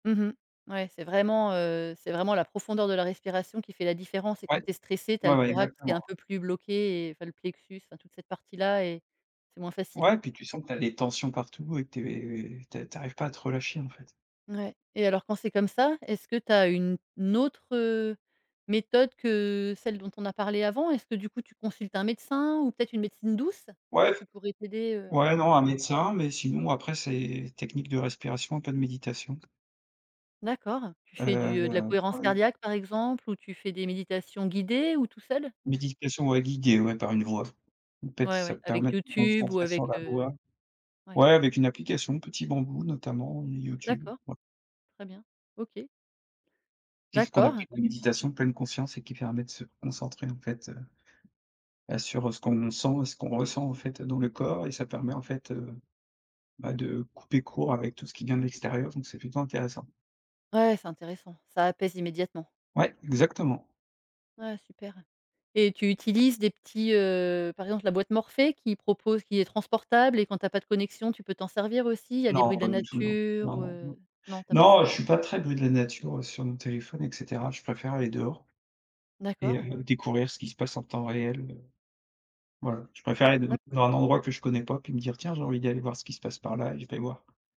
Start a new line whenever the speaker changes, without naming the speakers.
Mmh mh. Ouais, c'est vraiment, heu, c'est vraiment la profondeur de la respiration qui fait la différence et quand
Ouais.
tu es stressé, tu as
Ouais,
le
ouais,
thorax qui est
exactement.
un peu plus bloqué et enfin le plexus, enfin toute cette partie-là et c'est moins facile.
Ouais, puis tu sens que tu as des tensions partout et que tu es tu a tu arrives pas à te relâcher, en fait.
Ouais et alors quand c'est comme ça, est-ce que tu as une autre, heu, méthode que celle dont on a parlé avant? Est-ce que, du coup, tu consultes un médecin ou peut-être une médecine douce
Ouais f
qui pourrait t'aider, heu?
ouais non, un médecin, mais sinon après c'est technique de respiration, pas de méditation.
D'accord, tu fais du, heu, de la
Heu, tu
cohérence
vois, u
cardiaque, par exemple, ou tu fais des méditations guidées ou tout seul?
Méditation ouais guidée, ouais, par une voix off. En fait,
Ouais,
ça
ouais,
te permet
avec
de te
YouTube ou
concentrer sur la
avec, heu
voix.
ouais.
Ouais, avec une application, Petit Bambou notamment, YouTube,
D'accord.
ouais.
Très bien, OK.
Qui est ce qu'on
D'accord.
appelle de la méditation pleine conscience et qui permet de se concentrer, en fait, heu, heu, sur, heu, ce qu'on sent et ce qu'on ressent, en fait, dans le corps et ça permet, en fait, heu, bah, de couper court avec tout ce qui vient de l'extérieur, donc c'est plutôt intéressant.
Ouais, ouais, c'est intéressant. Ça apaise immédiatement.
Ouais, exactement.
Ouais super et tu utilises des petits, heu, par exemple, la boîte morphée qui propose qui est transportable et quand tu as pas de connexion, tu peux t'en servir aussi, il y a des bruits
Non,
de la
pas du tout, non. Non,
nature,
non,
heu?
non.
Non tu as pas ça.
Non, je suis pas très bruit de la nature sur mon téléphone et cetera. Je préfère aller dehors
D'accord.
et découvrir ce qui se passe en temps réel. Voilà, je préfère aller d
D'a
dans un endroit que je connais pas, puis me dire: «Tiens, j'ai envie d'y aller voir ce qui se passe par là» et je vais voir.